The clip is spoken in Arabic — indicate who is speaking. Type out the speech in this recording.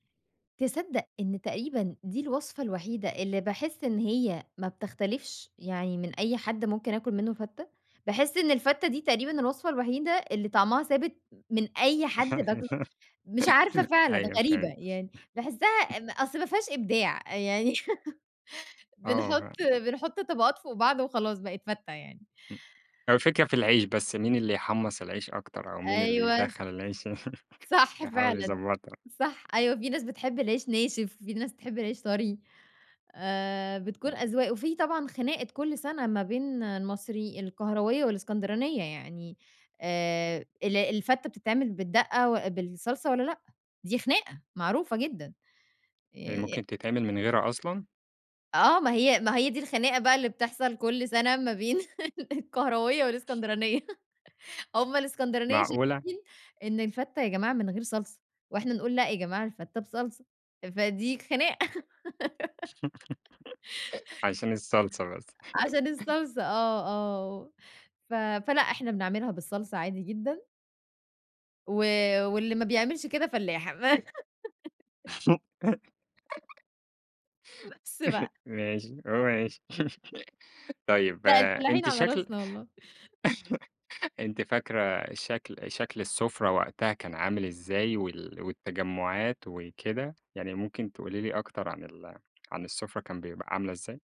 Speaker 1: تصدّق إن تقريبًا دي الوصفة الوحيدة اللي باحس إن هي ما بتختلِفش يعني من أي حد ممكن أكَل مِنُّه فتّة، باحس إن الفتّة دي تقريبًا الوصفة الوحيدة اللي طَعمها ثابت م من أي حد باكل مش عارفة فعلًا
Speaker 2: أيوه
Speaker 1: غريبة،
Speaker 2: فاهم.
Speaker 1: يعني باحسّها م أصْل ما فيهاش إبداع أ يعني
Speaker 2: آه،
Speaker 1: بنحُط
Speaker 2: لأ.
Speaker 1: بنحُط طبَقات فوق بعض وخلاص بقِت فتة يعني.
Speaker 2: إمم هو الفكرة في العيش بس مين اللي يحمّص العيش أكتر أو مين اللي
Speaker 1: أيوه ص
Speaker 2: يدخّل العيش
Speaker 1: صح
Speaker 2: يحاول
Speaker 1: فعلًا،
Speaker 2: يضبّطها.
Speaker 1: صح، أيوه، في ناس بتحب العيش ناشف، في ناس بتحب العيش طري آآ، بتكون
Speaker 2: آه.
Speaker 1: أذواق، وفي طبعًا خناقة كلّ سَنة ما بين المصري القهراوية والإسكندرانية، يعني آآ، الع الفتّة بتتعمَل بالدَّقة وأ بالصلصة والّا لأ؟ دي خناقة معروفة جدًا، ي
Speaker 2: هي
Speaker 1: يأ
Speaker 2: ممكن تتعمل من غيرها أصلًا؟
Speaker 1: آه، ما هي ما هي دي الخناقة بقى اللي بتحصَل كلّ سَنة ما بين القاهراوية والإسكندرانية. هُم الإسكندرانية
Speaker 2: معقولة!
Speaker 1: شايفين إن الفتّة يا جماعة من غير صلصة، واحنا نقول لأ يا جماعة الفتة بصلصة. أ فدي خناقة.
Speaker 2: عشان الصلصة بس
Speaker 1: عشان الصلصة آه، آه و ف فلأ إحنا بنعملها بالصلصة عادي جدًا. و واللي ما بيعملش كده فلّاحة، [unintelligible] بس بقى.
Speaker 2: ماشي ه ماشي طيب
Speaker 1: لأ
Speaker 2: آآ،
Speaker 1: الفلاحين
Speaker 2: أنتِ
Speaker 1: على
Speaker 2: شكل
Speaker 1: راسنا والله.
Speaker 2: أنتِ فاكرة شكْل شكْل السُّفرة وقتها كان عامل إزاي وال والتجمُّعات وكده، يعني ممكن تقولي لي أكتر عن ال عن السُّفرة كان بيبقى عاملة ازاي؟